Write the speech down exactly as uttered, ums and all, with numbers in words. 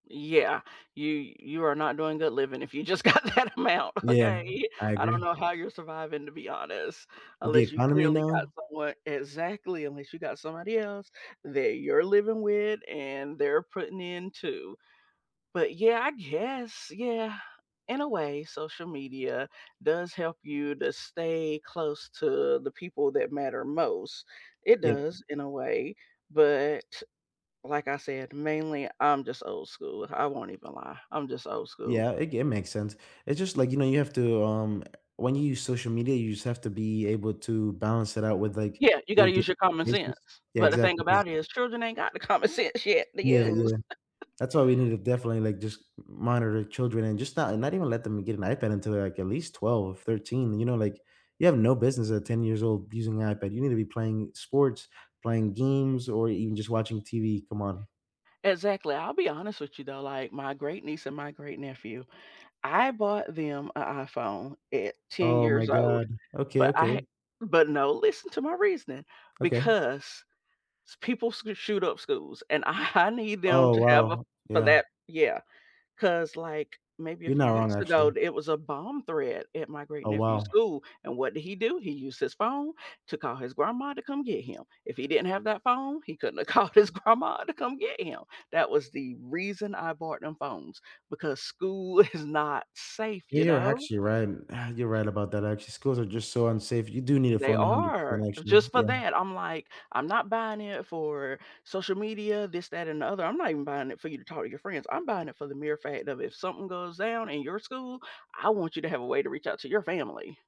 Yeah, you you are not doing good living if you just got that amount, Yeah, okay? I I don't agree. know how you're surviving to be honest, With the unless you economy clearly got now? someone Exactly, unless you got somebody else that you're living with and they're putting in too. But, yeah, I guess, yeah, in a way, social media does help you to stay close to the people that matter most; it Yeah. does in a way, but, t like I said, mainly I'm just old school, I won't even lie. I'm just old school. Yeah, it ge it makes sense, it's just like, you know, you have to, um eh, when you use social media, you just have to be able to balance it out with, like, Yeah, you your gotta di use your common this sense, is Yeah, but the thing exactly, 'cause about is, children ain't got the common sense yet to Yeah, use. yeah. That's why we need to definitely, like, just m monitor children and just not and not even let them get an iPad until they're, like, at least twelve, thirteen. You know, like, you have no business at ten years old using a iPad. You need to be playing sports, playing games or even just watching TV, come on. Exactly. I'll be honest with you though, like, my great-niece and my great-nephew, I bought them a iPhone at ten Oh my years old, god. Okay, but I ha okay. but no, listen to my reasoning Okay. because s people sc shoot up schools and I need them Oh, to have a wow, for yeah. that Yeah, 'cause, like, maybe a You're few not wrong, weeks ago, actually. d it was a bomb threat at my Oh, great-nephew's wow. school, and what did he do? He used his phone to call his grandma to come get him. If he didn't have that phone, he couldn't have called his grandma to come get him, that was the reason I bought them phones because school is not safe, Yeah, you you're know? actually right. You're right about that actually. Schools are just so unsafe, you do need a They phone a hundred are, percent uh, actually, just for yeah. that. I'm like, "I'm not buying it for social media, this, that and the other, I'm not even buying it for you to talk to your friends. I'm buying it for the mere fact of if something goes down in your school, I want you to have a way to reach out to your family."